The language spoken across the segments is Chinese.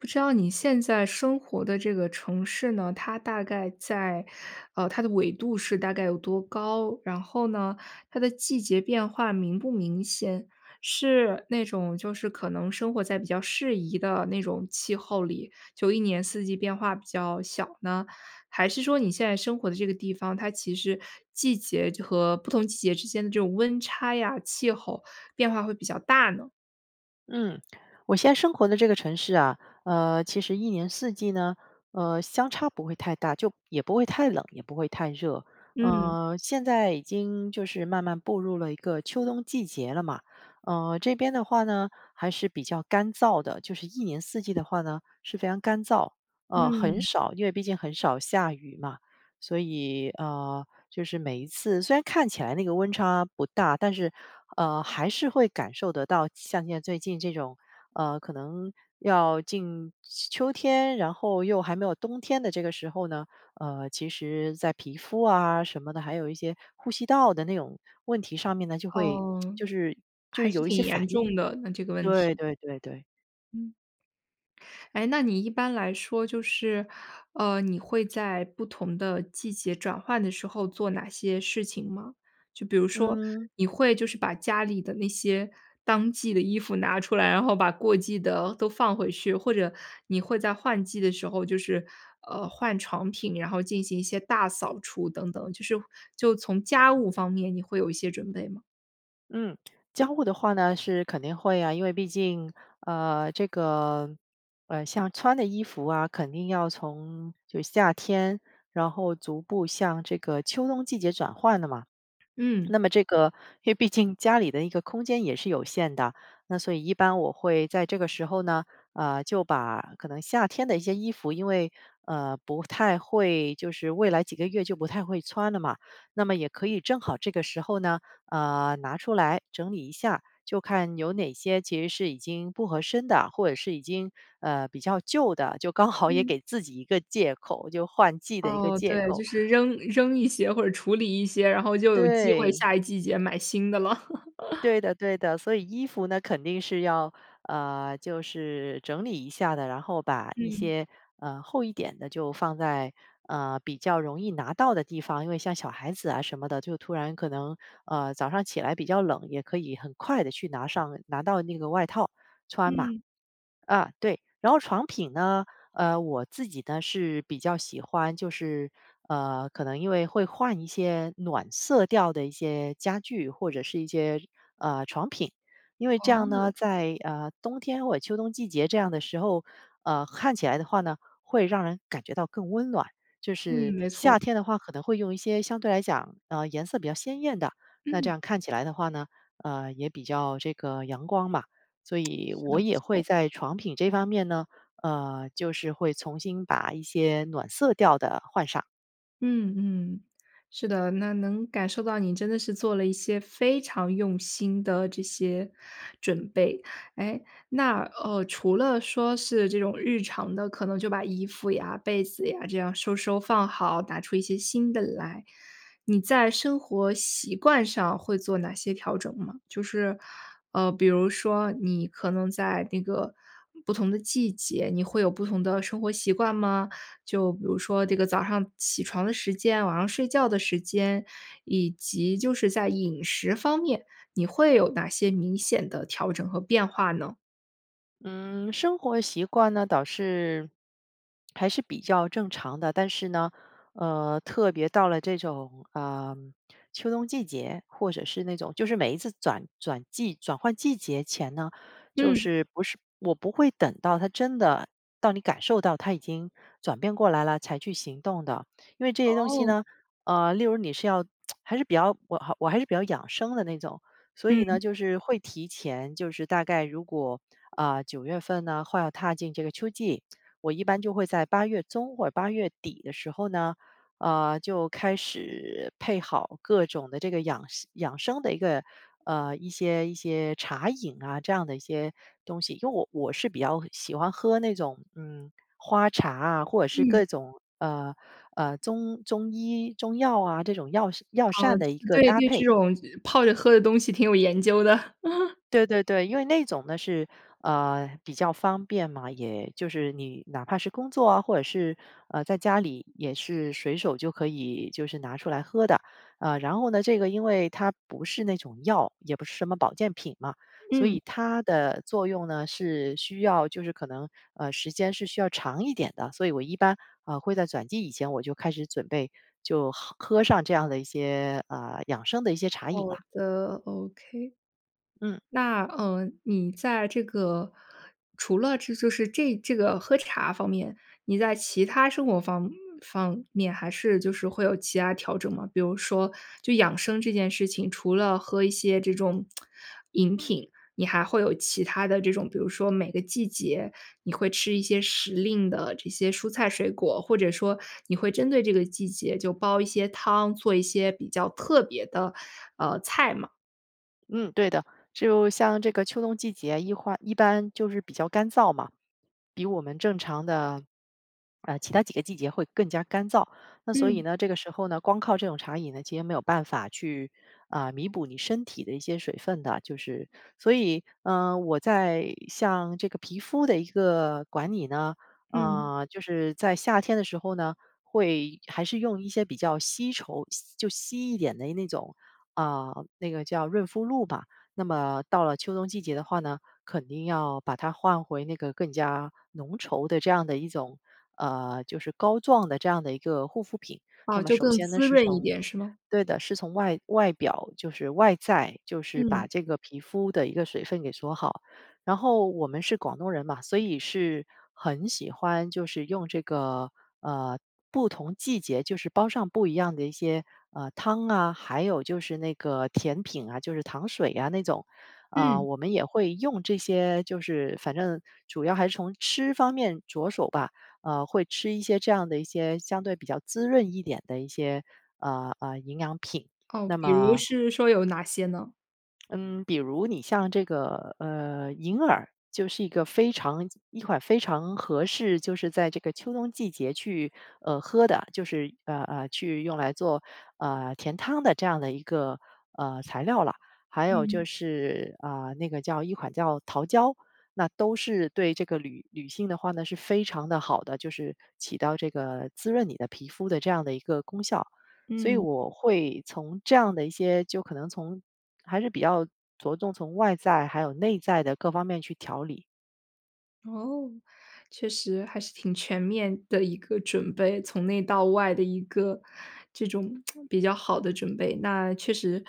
不知道你现在生活的这个城市呢，它大概在呃，它的纬度是大概有多高？然后呢，它的季节变化明不明显？是那种就是可能生活在比较适宜的那种气候里，就一年四季变化比较小呢？还是说你现在生活的这个地方，它其实季节就和不同季节之间的这种温差呀，气候变化会比较大呢？嗯，我现在生活的这个城市啊，呃，其实一年四季呢，呃，相差不会太大，就也不会太冷，也不会太热。嗯。呃，现在已经就是慢慢步入了一个秋冬季节了嘛，呃，这边的话呢还是比较干燥的，就是一年四季的话呢，是非常干燥，呃，很嗯。少因为毕竟很少下雨嘛。所以，呃，就是每一次虽然看起来那个温差不大，但是，呃，还是会感受得到，像现在最近这种，呃，可能要进秋秋天，然后又还没有冬天的这个时候呢，呃，其实在皮肤啊什么的，还有一些呼吸道的那种问题上面呢，就会 哦，就是还是挺严重的，那这个问就是有一题。些反应。对对对对。嗯。诶，那你一般来说就是，呃，你会在不同的季节转换的时候做哪些事情吗？就比如说，嗯。你会就是把家里的那些当季的衣服拿出来，然后把过季的都放回去。或者你会在换季的时候就是，呃，换床品，然后进行一些大扫除等等，就是就从家务方面你会有一些准备吗？嗯，交互的话呢，是肯定会啊，因为毕竟，呃，这个，呃，像穿的衣服啊，肯定要从就是夏天，然后逐步向这个秋冬季节转换的嘛。嗯。那么这个因为毕竟家里的一个空间也是有限的，那所以一般我会在这个时候呢，呃，就把可能夏天的一些衣服因为，呃，不太会就是未来几个月就不太会穿了嘛。那么也可以正好这个时候呢，呃，拿出来整理一下，就看有哪些其实是已经不合身的，或者是已经，呃，比较旧的，就刚好也嗯。给自己一个借口，就换季的一个哦，借对，口。就是扔扔一些或者处理一些，然后就有机会对。下一季节买新的了。对的对的，所以衣服呢，肯定是要呃，就是整理一下的，然后把一嗯。些，呃，厚一点的就放在，呃，比较容易拿到的地方，因为像小孩子啊什么的，就突然可能，呃，早上起来比较冷，也可以很快地去拿上拿到那个外套穿嘛。嗯。啊，对，然后床品呢，呃，我自己呢，是比较喜欢就是，呃，可能因为会换一些暖色调的一些家具，或者是一些，呃，床品。因为这样呢，哦。在，呃，冬天或者秋冬季节这样的时候，呃，看起来的话呢，会让人感觉到更温暖，就嗯，是没错。夏天的话可能会用一些相对来讲，呃，颜色比较鲜艳的。那这嗯。样看起来的话呢，呃，也比较这个阳光嘛，所以是我的，没也会错。在床品这方面呢，呃，就是会重新把一些暖色调的换上。嗯，嗯，是的，那能感受到你真的是做了一些非常用心的这些，准备。诶，那，呃，除了说是这种日常的，可能就把衣服呀、被子呀，这样收收放好，拿出一些新的来，你在生活习惯上会做哪些调整吗？就是，呃，比如说，你可能在那个，不同的季节，你会有不同的生活习惯吗？就比如说这个早上起床的时间、晚上睡觉的时间，以及，就是在饮食方面，你会有哪些明显的调整和变化呢？嗯，生活习惯那倒是，还是比较正常的。但是呢，呃，特别到了这种，呃，秋冬季节，或者是那种，就是每一次转转季转换季节前呢，就嗯。是，不是我不会等到它真的，到你感受到它已经转变过来了才去行动的。因为这些东西哦。呢，呃，例如你是要 还是比较我我还是比较养生的那种。所以嗯。呢，就是会提前就是大概如果，呃，九月份呢，或要踏进这个秋季，我一般就会在八月中或八月底的时候呢，呃，就开始，配好各种的这个养生养生的一个，呃，一些一些茶饮啊，这样的一些东西。因为我我是比较喜欢喝那种，嗯，花茶啊，或者是嗯。各种，呃呃，中中医、中药啊，这种药膳药膳嗯，的一个对搭对这配。种，泡着喝的东西挺有研究的。对对对，因为那种呢，是，呃，比较方便嘛。也就是你，哪怕是工作啊，或者是，呃，在家里，也是随手就可以就是拿出来喝的。呃，然后呢，这个因为它不是那种药，也不是什么保健品嘛，所嗯。以它的作用呢，是需要就是可能，呃，时间是需要长一点的。所以我一般，呃，会在转季以前我就开始准备，就喝喝上这样的一些，呃，养生的一些茶好饮啦。的，OK。嗯。那，嗯，你在这个，除了这就是，这这个喝茶方面，你在其他生活方方面还是，就是会有其他调整吗？比如说，就养生这件事情，除了喝一些这种 饮品，你还会有其他的这种，比如说每个季节你会吃一些时令的这些蔬菜水果，或者说，你会针对这个季节就煲一些汤，做一些比较特别的，呃，菜吗？嗯，对的。就像这个秋冬季节一欢一般就是比较干燥嘛，比我们正常的，呃，其他几个季节会更加干燥，那所以嗯。呢，这个时候呢，光靠这种茶饮呢，其实没有办法去，呃，弥补你身体的一些水分的，就是所以，呃，我在像这个皮肤的一个管理呢，嗯。呃，就是在夏天的时候呢，会还是用一些比较稀稠稀就稀一点的那种，呃，那个叫润肤露吧。那么到了秋冬季节的话呢，肯定要把它换回那个更加浓稠的这样的一种，呃，就是膏状的这样的一个护肤品。那哦，么就首更先呢，滋是润一从点是吗？对的，是从外外表就是外在，就是嗯。把这个皮肤的一个水分给锁好。然后我们是广东人嘛，所以是很喜欢就是用这个，呃，不同季节就是煲上不一样的一些，呃，汤啊，还有就是那个甜品啊，就是糖水呀那种。呃，嗯。我们也会用这些就是反正主要还是从吃方面着手吧，呃，会吃一些这样的一些相对比较滋润一点的一些，呃，呃，营养品，哦，那比如么是说有哪些呢？嗯，比如你像这个，呃，银耳就是一个非常一款非常合适，就是在这个秋冬季节去，呃，喝的，就是呃呃，去用来做，呃，甜汤的这样的一个，呃，材料了。还有就嗯。是，啊，那个叫一款叫桃胶，那都是对这个女女性的话呢，是非常地好的，就是起到这个滋润你的皮肤的这样的一个功效，所以嗯。我会从这样的一些就可能从还是比较着重从外在，还有内在的各方面去调理。哦，确实还是挺全面的一个准备，从内到外的一个这种 比较好的准备，那确实。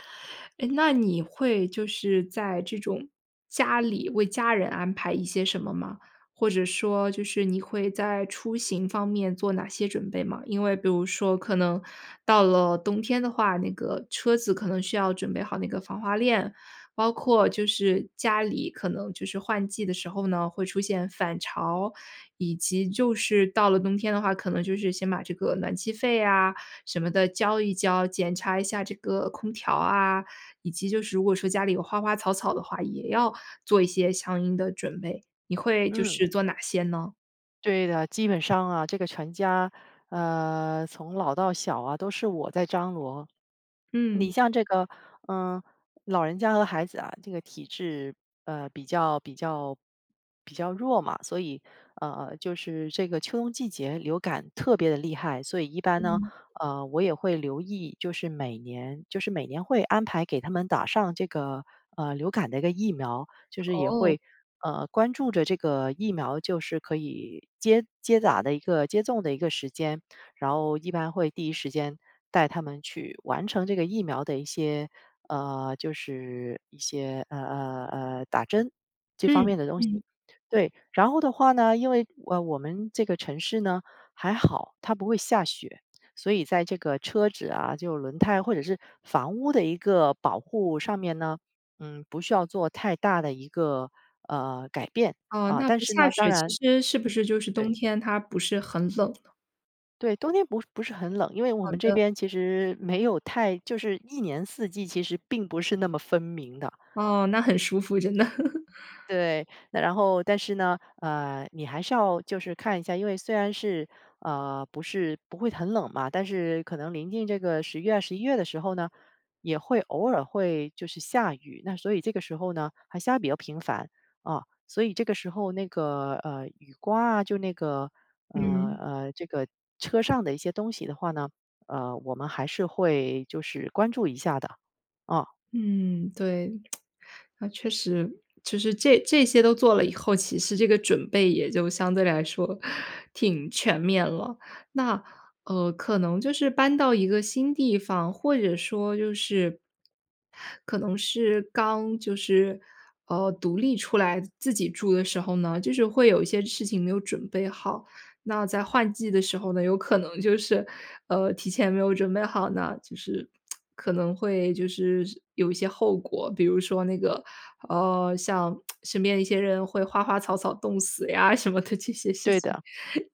诶，那你会就是在这种家里为家人安排一些什么吗？或者说就是你会在出行方面做哪些准备吗？因为比如说可能到了冬天的话，那个车子可能需要准备好那个防滑链，包括就是家里，可能就是换季的时候呢，会出现返潮，以及就是到了冬天的话，可能就是先把这个暖气费呀什么的交一交，检查一下这个空调啊。以及就是如果说家里有花花草草的话，也要做一些相应的准备，你会就嗯。是做哪些呢？对的，基本上啊，这个全家，呃，从老到小啊，都是我在张罗。你嗯。像这个，呃，老人家和孩子啊，这个体质，呃，比较比较比较弱嘛，所以，呃，就是这个秋冬季节流感特别地厉害。所以一般呢，嗯。呃，我也会留意，就是每年就是每年会安排给他们打上这个，呃，流感的一个疫苗，就是也哦。会，呃，关注着这个疫苗，就是可以接接打的一个接种的一个时间，然后一般会第一时间带他们去完成这个疫苗的一些呃，就是一些，呃呃呃，打针，这方嗯，面的东西。嗯。对，然后的话呢，因为，呃，我们这个城市呢还好，它不会下雪。所以在这个车子啊，就轮胎或者是房屋的一个保护上面呢，嗯，不需要做太大的一个，呃，改变，哦，啊。那但不是下呢，当雪，其然实是不是就是冬对。天它不是很冷？对，冬天不是不是很冷。因为我好们这的。边其实没有太就是一年四季，其实并不是那么分明的。哦，那很舒服，真的。对，那然后但是呢，呃，你还是要就是看一下，因为虽然是，呃，不是不会很冷嘛，但是可能临近这个十月、十一月的时候呢，也会偶尔会就是下雨。那所以这个时候呢还下得比较频繁啊，所以这个时候那个，呃，雨刮啊，就那个呃嗯。呃，这个车上的一些东西的话呢，呃，我们还是会就是关注一下的，啊。嗯，对，那确实。其实这这些都做了以后，其实这个准备也就相对来说挺全面了。那，呃，可能就是搬到一个新地方，或者说就是可能是刚就是，呃，独立出来自己住的时候呢，就是会有一些事情没有准备好。那在换季的时候呢，有可能就是，呃，提前没有准备好呢，就是 可能会就是有一些后果。比如说那个，呃，像 身边一些人会花花草草冻死呀，什么的这些事对情。的。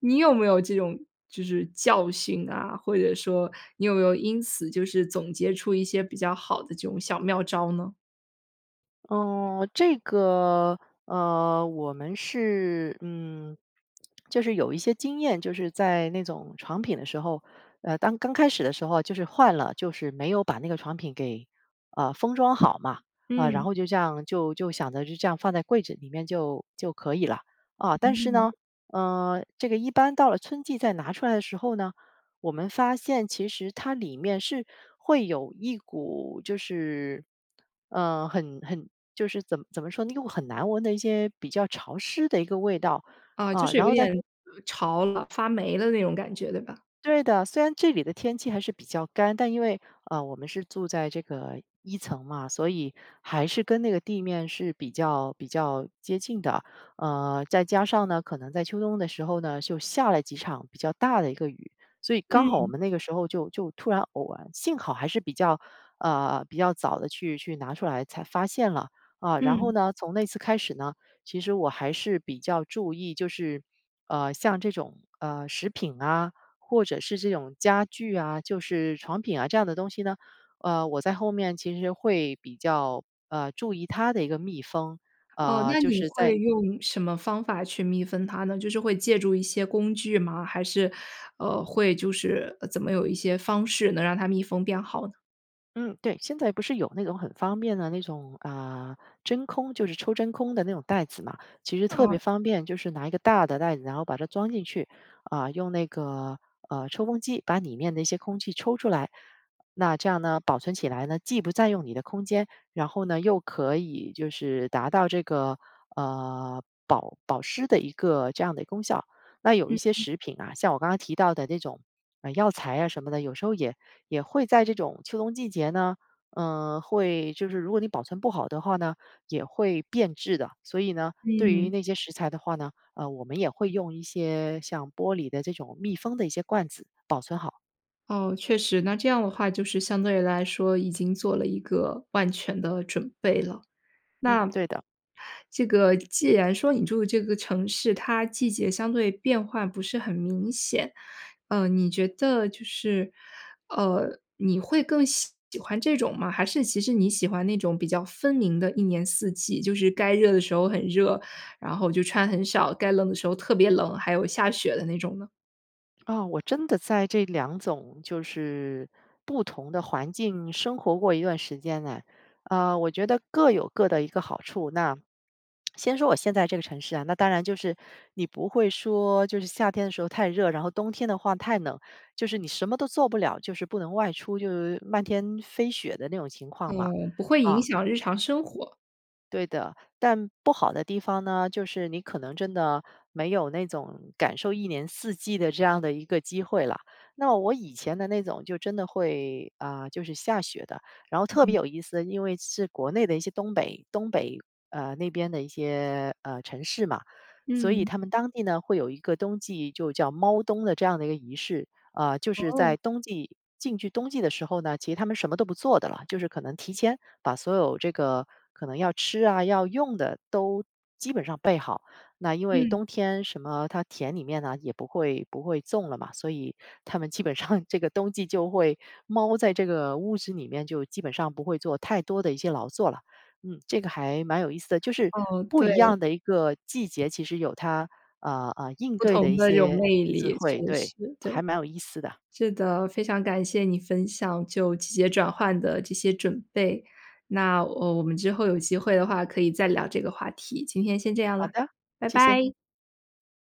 你有没有这种就是教训啊，或者说你有没有因此就是总结出一些比较好的这种小妙招呢？哦，这个，呃，我们是，嗯，就是有一些经验，就是在那种床品的时候，呃，当刚开始的时候就是换了，就是没有把那个床品给，呃，封装好嘛。啊，然嗯。后就这样，就就想着就这样放在柜子里面就就可以了，啊，但是嗯。呢，呃，这个一般到了春季再拿出来的时候呢，我们发现其实它里面是会有一股就是，呃，很很就是怎么怎么说那个很难闻的一些，比较潮湿的一个味道。啊，就啊，是然有一后在点，呃，潮了，发霉了那种感觉，对吧？对的，虽然这里的天气还是比较干，但因为，呃，我们是住在这个一层嘛，所以还是跟那个地面是比较比较接近的。呃，再加上呢，可能在秋冬的时候呢，就下了几场比较大的一个雨，所以刚好我嗯。们那个时候就就突然偶然幸好还是，呃，比较，呃，早地去去拿出来才发现了。啊，然后嗯。呢，从那次开始呢，其实我还是比较注意，就是，呃，像这种，呃，食品啊，或者是这种家具啊，就是床品啊这样的东西呢，呃，我在后面其实会比较，呃，注意它的一个密封。哦，呃，那就你是在会用什么方法去密封它呢？就是会借助一些工具吗？还是，呃，会就是，呃，怎么有一些方式能让它密封变好呢？嗯，对，现在不是有那种很方便的那种啊，真空，就是抽真空的那种袋子嘛。其实特哦。别方便，就是拿一个大的袋子，然后把它装进去，啊，用那个，呃，抽风机把里面的一些空气抽出来。那这样呢，保存起来呢，既不占用你的空间，然后呢，又可以就是达到这个，呃，保保湿的一个这样的一个功效。那有一嗯，些嗯。食品啊，像我刚刚提到的那种药材啊什么的，有时候也也会在这种秋冬季节呢，呃，会就是如果你保存不好的话呢，也会变质的。所以呢，对于嗯。那些食材的话呢，呃，我们也会用一些像玻璃的这种密封的一些罐子保存好。哦，确实，那这样的话就是相对来说已经做了一个万全的准备了。嗯，那对的。这个既然说你住这个城市，它季节相对变化不是很明显，呃，你觉得就是，呃，你会更喜喜欢这种吗？还是其实你喜欢那种比较分明的一年四季，就是该热的时候很热，然后就穿很少，该冷的时候特别冷，还有下雪的那种呢？啊，我真的在这两种就是不同的环境生活过一段时间呢，呃，我觉得各有各的一个好处。那 先说我现在这个城市啊，那当然就是你不会说就是夏天的时候太热，然后冬天的话太冷，就是你什么都做不了，就是不能外出就是漫天飞雪的那种情况嘛，嗯，不会影啊。响日常生活。对的。但不好的地方呢，就是你可能真的没有那种感受一年四季的这样的一个机会了。那我以前的那种就真的会，呃，就是下雪的，然后嗯特别嗯。有意思，因为是国内的一些东北东北，呃，那边的一些，呃，城市嘛。所以嗯。他们当地呢，会有一个冬季就叫猫冬的这样的一个仪式。呃，就是哦。在冬季进去冬季的时候呢，其实他们什么都不做的了。就是可能提前把所有这个可能要吃啊，要用的都基本上备好，那因为嗯。冬天什么它田里面呢也不会不会种了嘛。所以他们基本上这个冬季，就会猫在这个屋子里面，就基本上不会做太多的一些劳作了，嗯。这个还蛮有意思的，就是哦，不对。一样的一个季节，其实有它，呃呃，应不对的同一的这种些魅智力，确慧，实，对，对。还蛮有意思的。是的，非常感谢你分享就季节转换的这些准备，那，呃，我们之后有机会的话可以再聊这个话题，今天先这样好了，的，拜谢谢。拜。